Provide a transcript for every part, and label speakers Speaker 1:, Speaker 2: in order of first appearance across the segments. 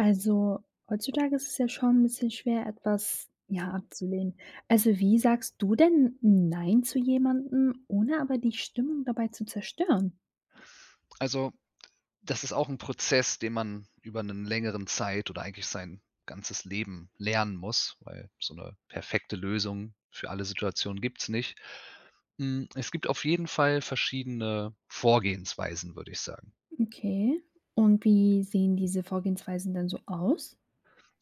Speaker 1: Also, heutzutage ist es ja schon 'n bisschen schwer, etwas, ja, abzulehnen. Also, wie sagst du denn nein zu jemandem, ohne aber die Stimmung dabei zu zerstören?
Speaker 2: Also, das ist auch 'n Prozess, den man über 'nen längeren Zeit oder eigentlich sein ganzes Leben lernen muss. Weil so 'ne perfekte Lösung für alle Situationen gibt's nicht. Hm, es gibt auf jeden Fall verschiedene Vorgehensweisen, würde ich sagen.
Speaker 1: Okay, und wie sehen diese Vorgehensweisen denn so aus?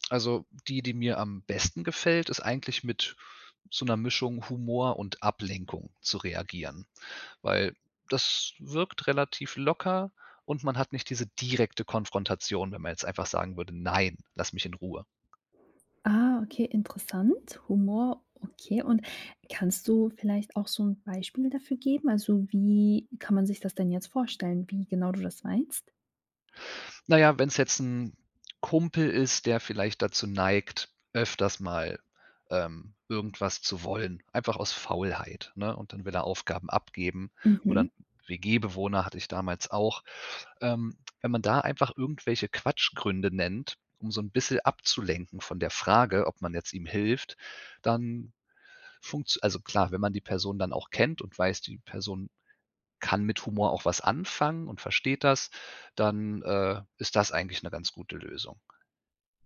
Speaker 2: Also, die, die mir am besten gefällt, ist eigentlich mit so 'ner Mischung Humor und Ablenkung zu reagieren. Weil das wirkt relativ locker und man hat nicht diese direkte Konfrontation, wenn man jetzt einfach sagen würde: „Nein, lass mich in Ruhe.“
Speaker 1: Ah, okay, interessant, Humor, okay. Und kannst du vielleicht auch so 'n Beispiel dafür geben? Also, wie kann man sich das denn jetzt vorstellen, wie genau du das meinst?
Speaker 2: Na ja, wenn's jetzt 'n Kumpel ist, der vielleicht dazu neigt, öfters mal, ähm, irgendwas zu wollen, einfach aus Faulheit, ne? Und dann will er Aufgaben abgeben oder 'n
Speaker 1: Mhm.
Speaker 2: WG Bewohner hatte ich damals auch. Ähm, wenn man da einfach irgendwelche Quatschgründe nennt, um so 'n bisschen abzulenken von der Frage, ob man jetzt ihm hilft, dann funktz also, klar, wenn man die Person dann auch kennt und weiß, die Person kann mit Humor auch was anfangen und versteht das, dann, äh, ist das eigentlich 'ne ganz gute Lösung.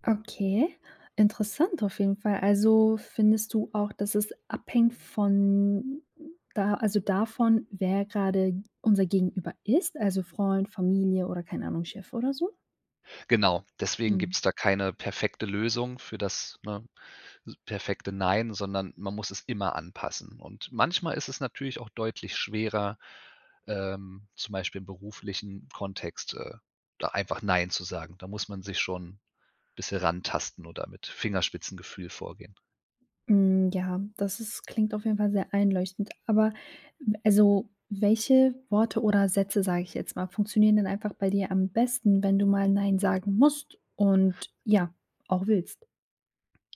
Speaker 1: Okay, interessant auf jeden Fall. Also, findest du auch, dass es abhängt von da also, davon, wer grade unser Gegenüber ist, also, Freund, Familie oder keine Ahnung, Chef oder so?
Speaker 2: Genau, deswegen
Speaker 1: Mhm.
Speaker 2: gibt's da keine perfekte Lösung für das, ne, perfekte „Nein“, sondern man muss es immer anpassen. Und manchmal ist es natürlich auch deutlich schwerer, ähm, zum Beispiel im beruflichen Kontext, äh, da einfach „Nein“ zu sagen. Da muss man sich schon bisschen rantasten oder mit Fingerspitzengefühl vorgehen.
Speaker 1: Mhm, ja, das ist klingt auf jeden Fall sehr einleuchtend. Aber also, welche Worte oder Sätze, sage ich jetzt mal, funktionieren denn einfach bei dir am besten, wenn du mal Nein sagen musst und ja, auch willst?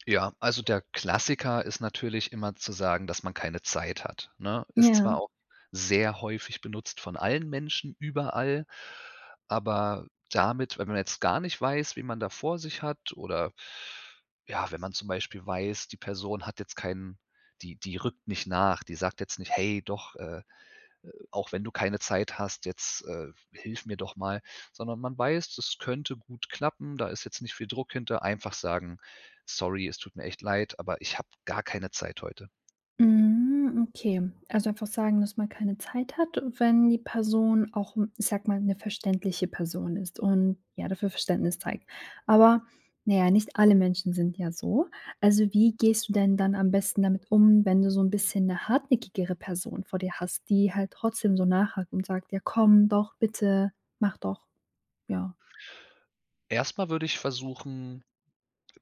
Speaker 2: Ja, also der Klassiker ist natürlich immer zu sagen, dass man keine Zeit hat. Ne, ist
Speaker 1: Ja.
Speaker 2: zwar auch sehr häufig benutzt von allen Menschen überall, aber damit wenn man jetzt gar nicht weiß, wen man da vor sich hat oder ja, wenn man zum Beispiel weiß, die Person hat jetzt keinen die die rückt nicht nach. Die sagt jetzt nicht: „Hey doch, äh, auch wenn du keine Zeit hast, jetzt, äh, hilf mir doch mal“, sondern man weiß, das könnte gut klappen. Da ist jetzt nicht viel Druck hinter. Einfach sagen: „Sorry, es tut mir echt leid, aber ich habe gar keine Zeit heute.“
Speaker 1: Mhm okay. Also einfach sagen, dass man keine Zeit hat und wenn die Person auch, ich sage mal 'ne verständliche Person ist und ja dafür Verständnis zeigt. Aber na ja, nicht alle Menschen sind ja so. Also wie gehst du denn dann am besten damit um wenn du so 'n bisschen 'ne hartnäckigere Person vor dir hast, die halt trotzdem so nachhakt und sagt: „Ja komm doch, bitte. Mach doch." Ja.
Speaker 2: Erst mal würde ich versuchen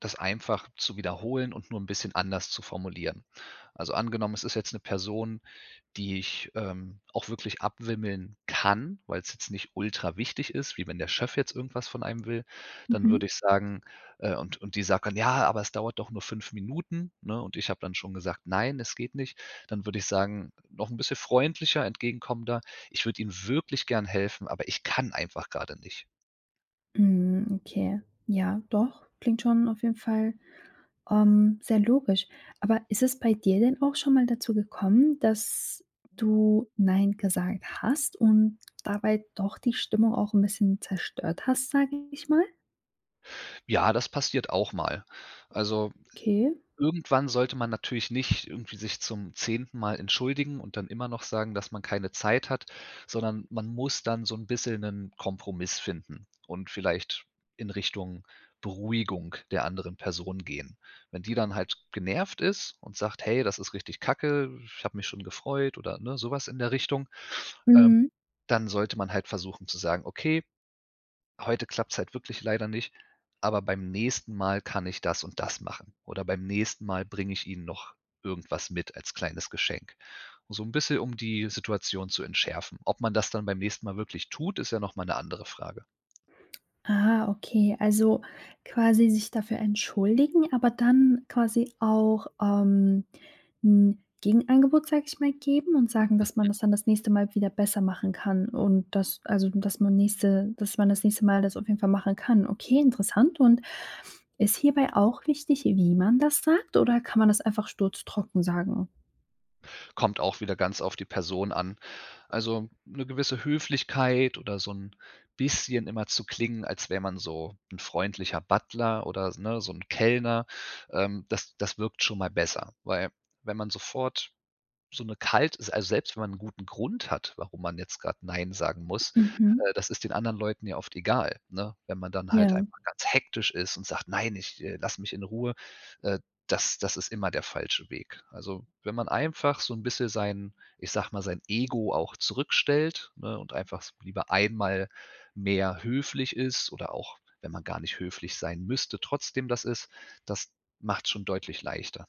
Speaker 2: das einfach zu wiederholen und nur 'n bisschen anders zu formulieren. Also angenommen es ist jetzt 'ne Person, die ich, ähm, auch wirklich abwimmeln kann, weil's jetzt nicht ultra wichtig ist, wie wenn der Chef jetzt irgendwas von einem will, dann
Speaker 1: Mhm.
Speaker 2: würde ich sagen äh, und und die sagt dann: „Ja, aber es dauert doch nur 5 Minuten.", ne? Und ich habe dann schon gesagt: „Nein, es geht nicht." Dann würde ich sagen, noch 'n bisschen freundlicher, entgegenkommender: „Ich würde Ihnen wirklich gern helfen, aber ich kann einfach grade nicht."
Speaker 1: Mhm, okay. Ja, doch. Klingt schon auf jeden Fall, ähm, sehr logisch. Aber ist es bei dir denn auch schon mal dazu gekommen, dass du nein gesagt hast und dabei doch die Stimmung auch 'n bisschen zerstört hast, sage ich mal?
Speaker 2: Ja, das passiert auch mal. Also,
Speaker 1: Okay.
Speaker 2: irgendwann sollte man natürlich nicht irgendwie sich zum 10. Mal entschuldigen und dann immernoch sagen, dass man keine Zeit hat. Sondern man muss dann so 'n bisschen 'nen Kompromiss finden und vielleicht in Richtung Beruhigung der anderen Person gehen. Wenn die dann halt genervt ist und sagt: „Hey, das ist richtig kacke. Ich habe mich schon gefreut“ oder, ne, sowas in der Richtung. Ähm,
Speaker 1: Mhm.
Speaker 2: dann sollte man halt versuchen zu sagen: „Okay, heute klappt's halt wirklich leider nicht, aber beim nächsten Mal kann ich das und das machen“. Oder beim nächsten mal bringe ich ihnen noch irgendwas mit als kleines Geschenk. Um so 'n bisschen um die Situation zu entschärfen. Ob man das dann beim nächsten Mal wirklich tut, ist ja nochmal 'ne andere Frage.
Speaker 1: Ah, okay. Also, quasi sich dafür entschuldigen, aber dann quasi auch, ähm, 'n Gegenangebot, sage ich mal, geben und sagen, dass man
Speaker 2: Mhm.
Speaker 1: das dann das nächste Mal wieder besser machen kann und das also, dass man nächste dass man das nächste mal das auf jeden Fall machen kann. Okay, interessant, und ist hierbei auch wichtig, wie man das sagt, oder kann man das einfach sturztrocken sagen?
Speaker 2: Kommt auch wieder ganz auf die Person an. Also, 'ne gewisse Höflichkeit oder so 'n bisschen immer zu klingen, als wäre man so 'n freundlicher Butler oder s ne, so 'n Kellner. Ähm, das das wirkt schon mal besser. Weil wenn man sofort so 'ne kalt ist also, selbst wenn man 'n guten Grund hat, warum man jetzt gerade nein sagen muss,
Speaker 1: Mhm.
Speaker 2: äh, das ist den anderen Leuten ja oft egal, ne? Wenn man dann halt
Speaker 1: Ja.
Speaker 2: einfach ganz hektisch ist und sagt: „Nein, ich äh, lass mich in Ruhe.“ Äh, das das ist immer der falsche Weg. Also, wenn man einfach so 'n bisschen sein ich sage mal, sein Ego auch zurückstellt, ne, und einfach s lieber einmal mehr höflich ist oder auch, wenn man gar nicht höflich sein müsste, trotzdem das ist, das macht's schon deutlich leichter.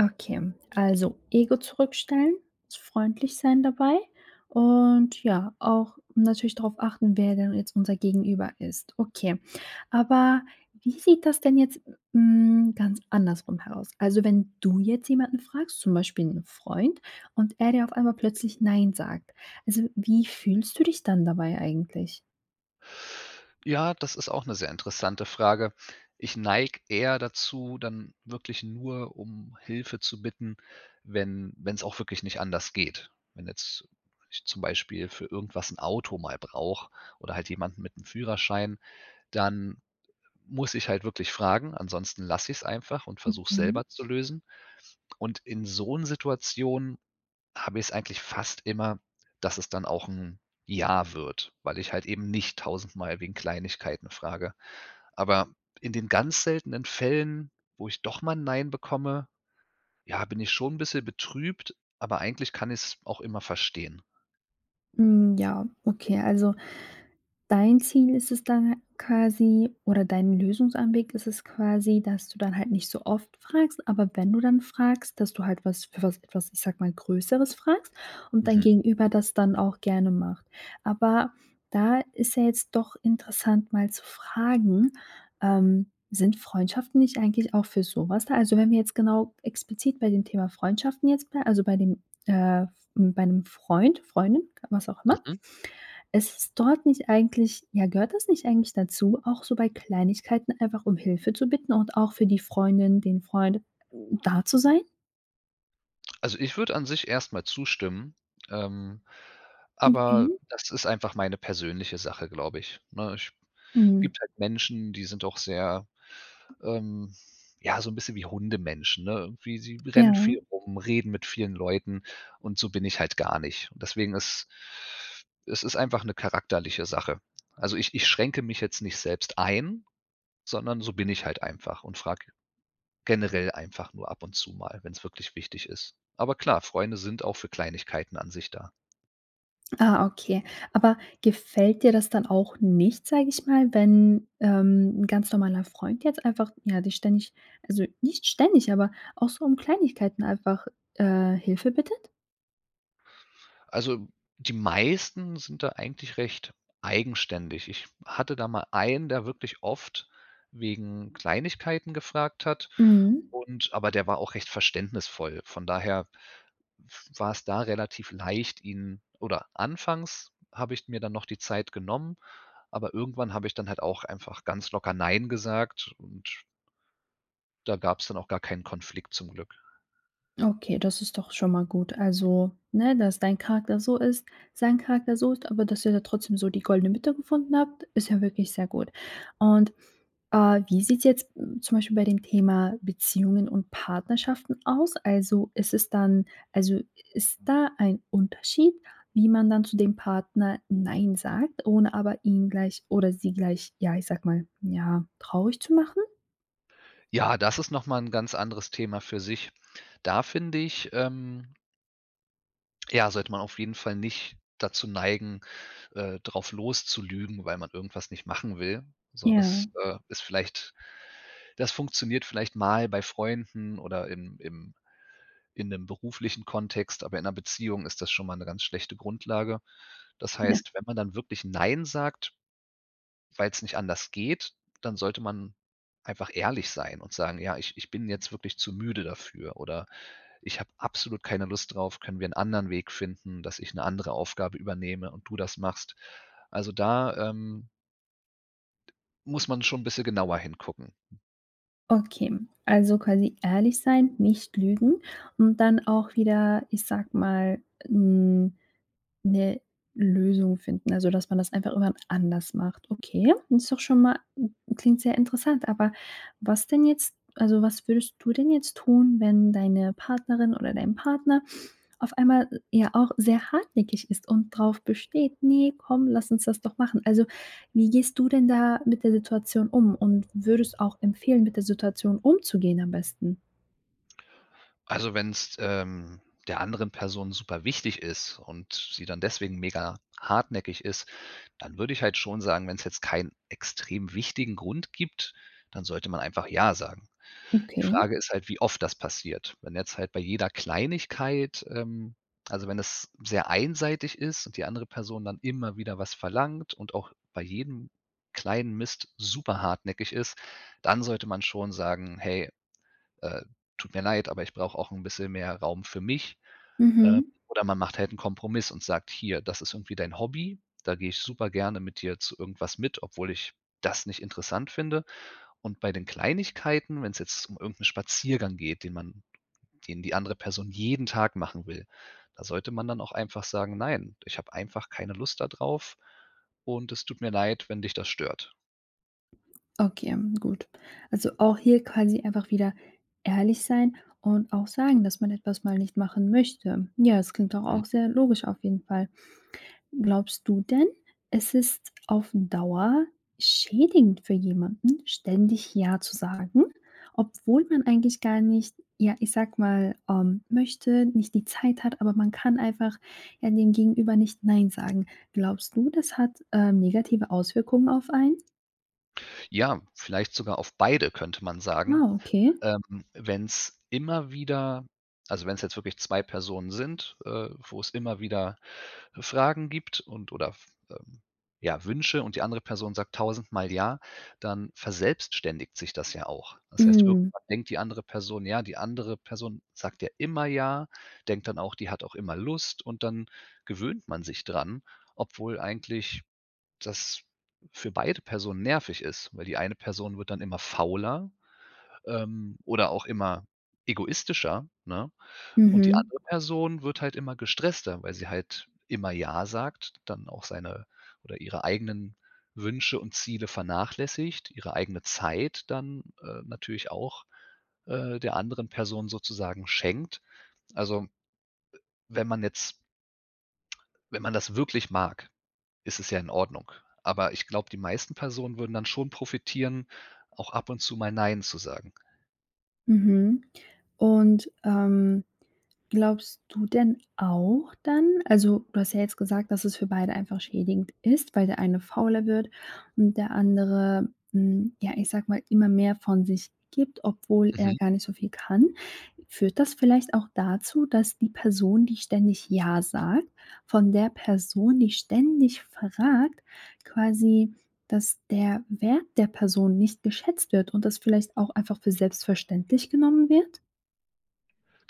Speaker 1: Okay, also, Ego zurückstellen, s freundlich sein dabei und, ja, auch natürlich darauf achten, wer denn jetzt unser Gegenüber ist. Okay, aber wie sieht das denn jetzt hm, ganz andersrum heraus? Also, wenn du jetzt jemanden fragst, zum Beispiel 'n Freund, und er dir auf einmal plötzlich nein sagt. Also, wie fühlst du dich dann dabei eigentlich?
Speaker 2: Ja, das ist auch 'ne sehr interessante Frage. Ich neige eher dazu, dann wirklich nur um Hilfe zu bitten, wenn wenn's auch wirklich nicht anders geht. Wenn jetzt ich zum Beispiel für irgendwas 'n Auto mal brauche oder halt jemanden mit 'nem Führerschein, dann muss ich halt wirklich fragen, ansonsten lasse ich's einfach und versuche es
Speaker 1: Okay.
Speaker 2: selber zu lösen. Und in so 'n Situationen habe ich es eigentlich fast immer, dass es dann auch 'n Ja wird, weil ich halt eben nicht tausendmal wegen Kleinigkeiten frage. Aber in den ganz seltenen Fällen, wo ich doch mal 'n Nein bekomme, ja, bin ich schon ein bisschen betrübt, aber eigentlich kann ich's auch immer verstehen.
Speaker 1: Mhm, ja, okay. Also, dein Ziel ist es dann quasi oder dein Lösungsanweg ist es quasi, dass du dann halt nicht so oft fragst, aber wenn du dann fragst, dass du halt was für was was, ich sage mal, Größeres fragst und dein
Speaker 2: Mhm.
Speaker 1: Gegenüber das dann auch gerne macht. Aber, da ist ja jetzt doch interessant, mal zu fragen ähm, sind Freundschaften nicht eigentlich auch für sowas da? Also wenn wir jetzt genau explizit bei dem Thema Freundschaften jetzt blei also, bei dem äh, bei 'nem Freund, Freundin, was auch immer,
Speaker 2: Mmh.
Speaker 1: ist es dort nicht eigentlich ja, gehört das nicht eigentlich dazu, auch so bei Kleinigkeiten einfach um Hilfe zu bitten und auch für die Freundin, den Freund da zu sein?
Speaker 2: Also ich würde an sich erst mal zustimmen, ähm, aber
Speaker 1: Okay.
Speaker 2: das ist einfach meine persönliche Sache, glaube ich, ne? Ich
Speaker 1: Mhm.
Speaker 2: gibt halt Menschen, die sind auch sehr ähm, ja so 'n bisschen wie Hundemenschen, ne? Wie: sie rennen
Speaker 1: Ja.
Speaker 2: viel rum, reden mit vielen Leuten und so bin ich halt gar nicht. Und deswegen ist es ist einfach 'ne charakterliche Sache. Also, ich ich schränke mich jetzt nicht selbst ein, sondern so bin ich halt einfach und frage generell einfach nur ab und zu mal, wenn's wirklich wichtig ist. Aber klar, Freunde sind auch für Kleinigkeiten an sich da.
Speaker 1: Ah, okay. Aber gefällt dir das dann auch nicht, sag ich mal, wenn, ähm, 'n ganz normaler Freund jetzt einfach, ja, dich ständig also, nicht ständig, aber auch so um Kleinigkeiten einfach, äh, Hilfe bittet?
Speaker 2: Also, die meisten sind da eigentlich recht eigenständig. Ich hatte da mal einen, der wirklich oft wegen Kleinigkeiten gefragt hat
Speaker 1: Mhm.
Speaker 2: und aber der war auch recht verständnisvoll. Von daher w war es da relativ leicht, ihn oder anfangs habe ich mir dann noch die Zeit genommen, aber irgendwann habe ich dann halt auch einfach ganz locker nein gesagt und da gab's dann auch gar keinen Konflikt zum Glück.
Speaker 1: Okay, das ist doch schon mal gut. Also, ne, dass dein Charakter so ist, sein Charakter so ist, aber dass ihr da trotzdem so die goldene Mitte gefunden habt, ist ja wirklich sehr gut. Und, äh, wie sieht's jetzt zum Beispiel bei dem Thema Beziehungen und Partnerschaften aus? Also, ist es dann also, ist da ein Unterschied, wie man dann zu dem Partner nein sagt, ohne aber ihn gleich oder sie gleich, ja, ich sage mal, ja, traurig zu machen?
Speaker 2: Ja, das ist nochmal 'n ganz anderes Thema für sich. Da finde ich, ähm ja, sollte man auf jeden Fall nicht dazu neigen, äh, drauf loszulügen, weil man irgendwas nicht machen will. So ist,
Speaker 1: Ja.
Speaker 2: äh ist vielleicht das funktioniert vielleicht mal bei Freunden oder im im in 'nem beruflichen Kontext, aber in 'ner Beziehung ist das schon mal 'ne ganz schlechte Grundlage. Das
Speaker 1: Ja.
Speaker 2: heißt, wenn man dann wirklich nein sagt, weil's nicht anders geht, dann sollte man einfach ehrlich sein und sagen: „Ja, ich ich bin jetzt wirklich zu müde dafür oder ich habe absolut keine Lust drauf. Können wir 'n anderen Weg finden, dass ich 'ne andere Aufgabe übernehme und du das machst.“ Also, da, ähm muss man schon 'n bisschen genauer hingucken.
Speaker 1: Okay, also, quasi ehrlich sein, nicht lügen und dann auch wieder, ich sage mal, 'n 'ne Lösung finden, also, dass man das einfach irgendwann anders macht, okay? Und ist doch schon mal klingt sehr interessant, aber was denn jetzt also, was würdest du denn jetzt tun, wenn deine Partnerin oder dein Partner auf einmal, ja, auch sehr hartnäckig ist und drauf besteht: „Ne, komm, lass uns das doch machen.“ Also, wie gehst du denn da mit der Situation um und würdest auch empfehlen, mit der Situation umzugehen am besten?
Speaker 2: Also, wenn's, ähm, der anderen Person super wichtig ist und sie dann deswegen mega hartnäckig ist, dann würde ich halt schon sagen: wenn's jetzt keinen extrem wichtigen Grund gibt, dann sollte man einfach ja sagen. Die
Speaker 1: Okay.
Speaker 2: Frage ist halt, wie oft das passiert. Wenn jetzt halt bei jeder Kleinigkeit, ähm also, wenn es sehr einseitig ist und die andere Person dann immer wieder was verlangt und auch bei jedem kleinen Mist super hartnäckig ist, dann sollte man schon sagen: „Hey, äh, tut mir leid, aber ich brauche auch 'n bisschen mehr Raum für mich.“ Äh,
Speaker 1: Mhm.
Speaker 2: oder man macht halt 'n Kompromiss und sagt: „Hier, das ist irgendwie dein Hobby. Da gehe ich super gerne mit dir zu irgendwas mit, obwohl ich das nicht interessant finde.“ Und bei den Kleinigkeiten, wenn's jetzt um irgend 'n Spaziergang geht, den man den die andere Person jeden Tag machen will, da sollte man dann auch einfach sagen: „Nein, ich habe einfach keine Lust da drauf. Und es tut mir leid, wenn dich das stört.“
Speaker 1: Okay, gut. Also, auch hier quasi einfach wieder ehrlich sein und auch sagen, dass man etwas mal nicht machen möchte. Ja, das klingt doch
Speaker 2: Mhm.
Speaker 1: auch sehr logisch auf jeden Fall. Glaubst du denn, es ist auf Dauer schädigend für jemanden, ständig „ja“ zu sagen, obwohl man eigentlich gar nicht, ja, ich sage mal, ähm, möchte, nicht die Zeit hat, aber man kann einfach, ja, dem Gegenüber nicht „nein“ sagen. Glaubst du, das hat, äh negative Auswirkungen auf einen?
Speaker 2: Ja, vielleicht sogar auf beide könnte man sagen,
Speaker 1: Ah, okay.
Speaker 2: ähm, wenn's immer wieder also, wenn's jetzt wirklich 2 Personen sind, äh, wo's immer wieder Fragen gibt und oder f äh, ja Wünsche und die andere Person sagt tausendmal „ja“, dann verselbstständigt sich das ja auch. Das heißt,
Speaker 1: Mhm.
Speaker 2: irgendwann denkt die andere Person: „Ja, die andere Person sagt ja, immer Ja“, denkt dann auch: „Die hat auch immer Lust“ und dann gewöhnt man sich dran, obwohl eigentlich das für beide Personen nervig ist, weil die eine Person wird dann immer fauler, ähm, oder auch immer egoistischer, ne? Und die
Speaker 1: Mhm.
Speaker 2: andere Person wird halt immer gestresster, weil sie halt immer „ja“ sagt, dann auch seine, oder ihre eigenen Wünsche und Ziele vernachlässigt, ihre eigene Zeit dann, äh, natürlich auch, äh, der anderen Person sozusagen schenkt. Also wenn man jetzt wenn man das wirklich mag, ist es ja in Ordnung. Aber ich glaube, die meisten Personen würden dann schon profitieren, auch ab und zu mal „nein“ zu sagen.
Speaker 1: Mhm, und, ähm, glaubst du denn auch dann also, du hast ja jetzt gesagt, „dass es für beide einfach schädigend ist“, weil der eine fauler wird und der andere, hm, ja, ich sage mal, immer mehr von sich gibt, obwohl er
Speaker 2: Mhm.
Speaker 1: gar nicht so viel kann. Führt das vielleicht auch dazu, dass die Person, die ständig ja sagt, von der Person, die ständig fragt, quasi dass der Wert der Person nicht geschätzt wird und das vielleicht auch einfach für selbstverständlich genommen wird?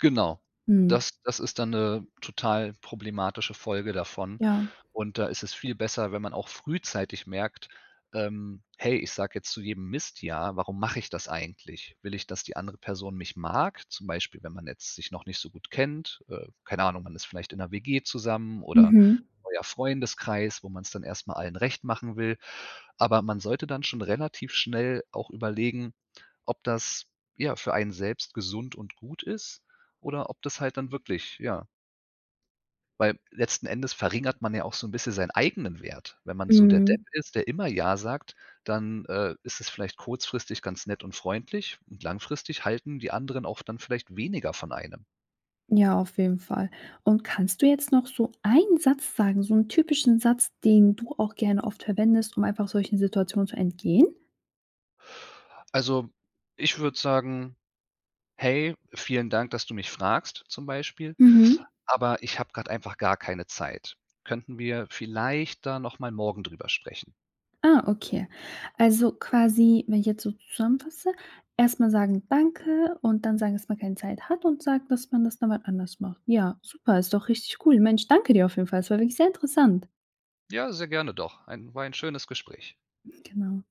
Speaker 2: Genau.
Speaker 1: Hm.
Speaker 2: Das das ist dann 'ne total problematische Folge davon
Speaker 1: Ja.
Speaker 2: und da ist es viel besser, wenn man auch frühzeitig merkt, ähm: „Hey, ich sage jetzt zu jedem Mist ja, warum mache ich das eigentlich? Will ich, dass die andere Person mich mag“, zum Beispiel, wenn man jetzt sich noch nicht so gut kennt. Äh, keine Ahnung, man ist vielleicht in 'ner WG zusammen oder
Speaker 1: Mhm.
Speaker 2: neuer Freundeskreis, wo man's dann erst mal allen recht machen will. Aber man sollte dann schon relativ schnell auch überlegen, ob das, ja, für einen selbst gesund und gut ist oder ob das halt dann wirklich, ja Weil letzten Endes verringert man ja auch so 'n bisschen seinen eigenen Wert. Wenn man so der Depp
Speaker 1: Mhm.
Speaker 2: ist, der immer ja sagt, dann, äh, ist es vielleicht kurzfristig ganz nett und freundlich, langfristig halten die anderen auch dann vielleicht weniger von einem.
Speaker 1: Ja, auf jeden Fall. Und kannst du jetzt noch so einen Satz sagen, so 'n typischen Satz, den du auch gerne oft verwendest, um einfach solchen Situationen zu entgehen?
Speaker 2: Also, ich würde sagen: „Hey, vielen Dank, dass du mich fragst,“ zum Beispiel,
Speaker 1: Mhm.
Speaker 2: „aber ich habe grad einfach gar keine Zeit. Könnten wir vielleicht da noch mal morgen drüber sprechen?“
Speaker 1: Ah, okay. Also, quasi, wenn ich jetzt so zusammenfasse, erst mal sagen „danke“ und dann sagen, dass man „keine Zeit hat“ und sagt, dass man „das dann mal anders macht“. Ja, super, ist doch richtig cool. Mensch, danke dir auf jeden Fall. Es war wirklich sehr interessant.
Speaker 2: Ja, sehr gerne doch. Ein war ein schönes Gespräch.
Speaker 1: Genau.